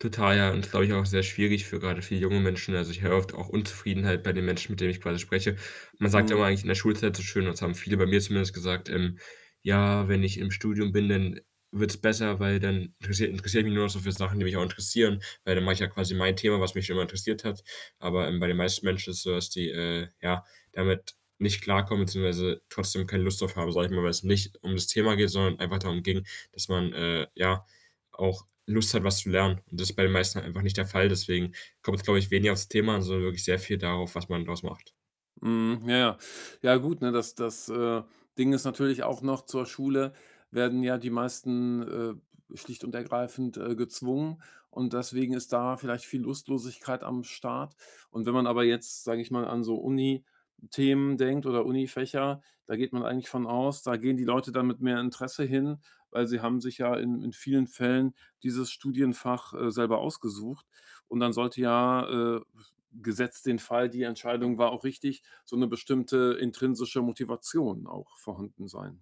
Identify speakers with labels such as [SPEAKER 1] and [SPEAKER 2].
[SPEAKER 1] Total, ja. Und ist, glaube ich, auch sehr schwierig für gerade für junge Menschen. Also, ich höre oft auch Unzufriedenheit bei den Menschen, mit denen ich quasi spreche. Man sagt
[SPEAKER 2] Mhm.
[SPEAKER 1] immer eigentlich in der Schulzeit so schön und so, haben viele bei mir zumindest gesagt, ähm: „Ja, wenn ich im Studium bin, dann, äh, wird's besser, weil dann interessiere interessiere mich nur noch so für Sachen, die mich auch interessieren. Weil dann mache ich ja quasi mein Thema, was mich schon immer interessiert hat.“ Aber, ähm, bei den meisten Menschen ist es so, dass die, äh, ja, damit nicht klarkommen, beziehungsweise trotzdem keine Lust drauf haben, sage ich mal, weil's nicht um das Thema geht, sondern einfach darum ging, dass man, äh, ja, auch Lust hat, was zu lernen. Und das ist bei den meisten einfach nicht der Fall. Deswegen kommt es, glaube ich, weniger aufs Thema an, sondern wirklich sehr viel darauf, was man draus macht.
[SPEAKER 2] Mhm. Ja, ja. Ja, gut, ne, das das, äh, Ding ist natürlich auch noch, zur Schule werden ja die meisten, äh, b schlicht und ergreifend, äh, gezwungen und deswegen ist da vielleicht viel Lustlosigkeit am Start. Und wenn man aber jetzt, sage ich mal, an so Unithemen denkt oder Unifächer, da geht man eigentlich von aus, da gehen die Leute dann mit mehr Interesse hin, weil sie haben sich ja in in vielen Fällen dieses Studienfach, äh, selber ausgesucht. Und dann sollte ja, äh, b gesetzt den Fall, die Entscheidung war auch richtig, so 'ne bestimmte intrinsische Motivation auch vorhanden sein.